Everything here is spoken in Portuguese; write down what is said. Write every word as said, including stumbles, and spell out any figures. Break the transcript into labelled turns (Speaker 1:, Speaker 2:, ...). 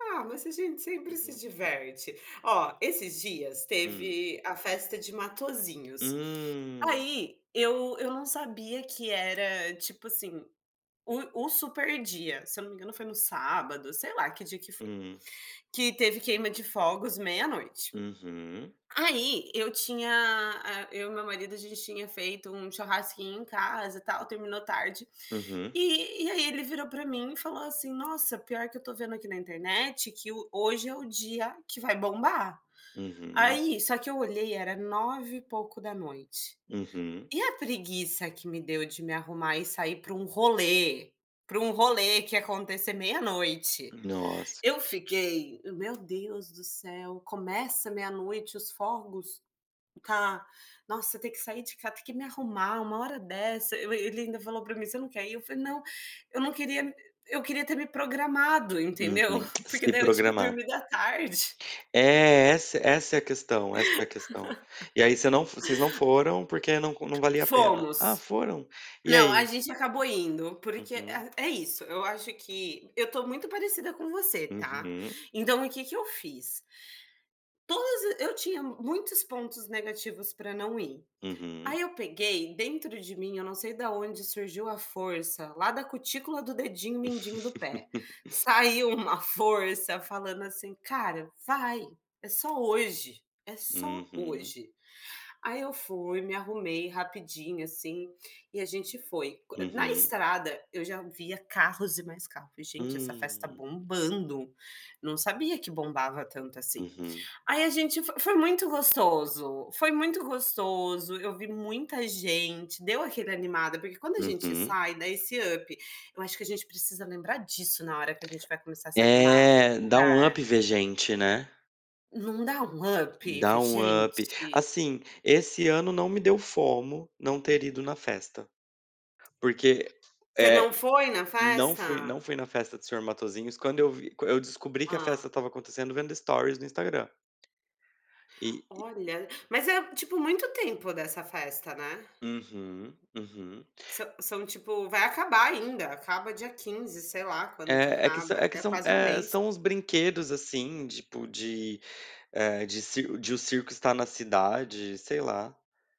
Speaker 1: Ah, mas a gente sempre se
Speaker 2: Uhum.
Speaker 1: diverte. Ó, esses dias
Speaker 2: Hum.
Speaker 1: teve a festa de Matosinhos.
Speaker 2: Hum.
Speaker 1: Aí eu eu não sabia que era, tipo assim, o o super dia. Se eu não me engano foi no sábado, sei lá que dia que foi.
Speaker 2: Hum.
Speaker 1: Que teve queima de fogos meia-noite.
Speaker 2: Uhum.
Speaker 1: Aí, eu tinha a eu e meu marido, a gente, tinha feito um churrasquinho em casa, e tal, terminou tarde.
Speaker 2: Uhum.
Speaker 1: E e aí, ele virou pra mim e falou assim: "Nossa, pior que eu tô vendo aqui na internet que o hoje é o dia que vai bombar".
Speaker 2: Uhum.
Speaker 1: Aí só que eu olhei era nove e pouco da noite.
Speaker 2: Uhum.
Speaker 1: E a preguiça que me deu de me arrumar e sair pra um rolê, pra um rolê que ia acontecer meia-noite.
Speaker 2: Nossa.
Speaker 1: Eu fiquei: "Meu Deus do céu, começa meia-noite os fogos?". Tá. Nossa, ter que sair de ca ter que me arrumar, uma hora dessa? Eu e ele ainda, falou pra mim: "Você não quer ir?" Eu falei: "Não, eu não queria eu queria ter me programado", entendeu.
Speaker 2: Uhum.
Speaker 1: Porque
Speaker 2: Se
Speaker 1: daí eu tinha
Speaker 2: programar.
Speaker 1: dormido à tarde.
Speaker 2: É. Essa essa é a questão. Essa é a questão. E, aí, você não f vocês não foram, porque não co não valia a pena. Ah,
Speaker 1: Fomos.
Speaker 2: foram? E,
Speaker 1: Não, a
Speaker 2: aí?
Speaker 1: gente acabou indo, porque
Speaker 2: Uhum.
Speaker 1: a é isso, eu acho que eu tô muito parecida com você, tá.
Speaker 2: Uhum.
Speaker 1: Então o que que eu fiz? Todas a eu tinha muitos pontos negativos pra não ir.
Speaker 2: Uhum.
Speaker 1: Aí eu peguei, dentro de mim, eu não sei da onde surgiu a força. Lá da cutícula do dedinho mindinho do pé. Saiu uma força falando assim: "Cara, vai. É só hoje. É só
Speaker 2: Uhum.
Speaker 1: hoje". Aí eu fui. Me arrumei rapidinho, assim, e a gente foi. Qu na
Speaker 2: Uhum.
Speaker 1: estrada eu já via carros e mais carro. Falei: "Gente, essa festa tá
Speaker 2: Hum.
Speaker 1: bombando". Não sabia que bombava tanto, assim.
Speaker 2: Uhum.
Speaker 1: Aí a gente fo foi muito gostoso. Foi muito gostoso. Eu vi muita gente, deu aquele animada, porque quando a gente
Speaker 2: Uhum.
Speaker 1: sai, dá esse up. Eu acho que a gente precisa lembrar disso na hora que a gente vai começar a se arrumar pra ir para
Speaker 2: É,
Speaker 1: o
Speaker 2: dá um
Speaker 1: lugar.
Speaker 2: up ver gente, né?
Speaker 1: Não dá um up
Speaker 2: Dá
Speaker 1: ver
Speaker 2: um up.
Speaker 1: gente?
Speaker 2: Assim, esse ano não me deu FOMO não ter ido na festa. Porque,
Speaker 1: Você
Speaker 2: eh,
Speaker 1: não foi na
Speaker 2: não fui
Speaker 1: festa?
Speaker 2: não fui na festa do Senhor Matosinhos. Quando eu vi qu eu descobri que a festa
Speaker 1: Hã.
Speaker 2: estava acontecendo, vendo stories no Instagram. E e
Speaker 1: Olha. Mas é, tipo, muito tempo dessa festa, né?
Speaker 2: Uhum. Uhum.
Speaker 1: Sã são, tipo, vai acabar ainda. Acaba dia quize, sei lá, quando que
Speaker 2: É. É que sã
Speaker 1: acaba.
Speaker 2: é que
Speaker 1: É
Speaker 2: são
Speaker 1: quase um
Speaker 2: é
Speaker 1: mês.
Speaker 2: são os brinquedos, assim, tipo, de, eh, de cir de o circo estar na cidade, sei lá.